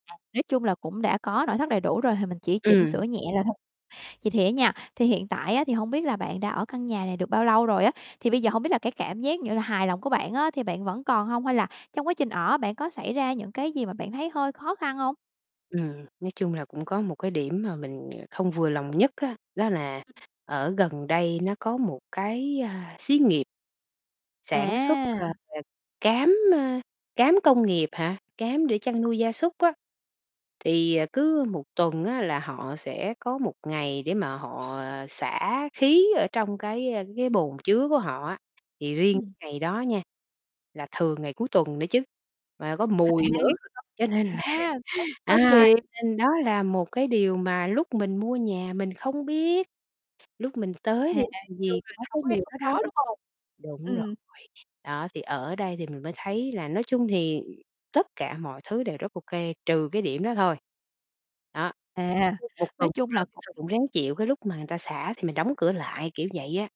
À, nói chung là cũng đã có nội thất đầy đủ rồi thì mình chỉ chỉnh sửa Ừm. nhẹ rồi thôi. Vậy thì á nha, thì hiện tại á thì hông biết là bạn đã ở căn nhà này được bao lâu rồi á? Thì bây giờ hông biết là cái cảm giác như là hài lòng của bạn á thì bạn vẫn còn hông, hay là trong quá trình ở bạn có xảy ra những cái gì mà bạn thấy hơi khó khăn hông? Ừm, nói chung là cũng có một cái điểm mà mình, ờ, không vừa lòng nhất á, đó là Ừm. ở gần đây nó có một cái, a, xí nghiệp sản xuất, ờ, À. cám, ơ, cám công nghiệp hả, cám để chăn nuôi gia súc á. Thì, à, cứ 1 tuần á là họ sẽ có 1 ngày để mà họ xả khí ở trong cái, a, cái bồn chứa của họ á. Thì riêng Ừm. ngày đó nha, là thường ngày cuối tuần nữa chứ, mà có À, mùi nữa, [unintelligible] cho nên là, à, cũng hơi à, phiền. nên đó là một cái điều mà lúc mình mua nhà mình không biết, lúc mình À, tới thì làm chung gì có cái là mùi đó [unintelligible] đâu. đúng hông? Đúng rồi, Ừm. đó, thì ở đây thì mình mới thấy là nói chung thì tất cả mọi thứ đều rất ô kê, trừ cái điểm đó thôi. Đó, À, 1 tuần nói 1 chung là lần cũng thôi cũng ráng chịu cái lúc mà người ta xả thì mình đóng cửa lại, kiểu vậy á.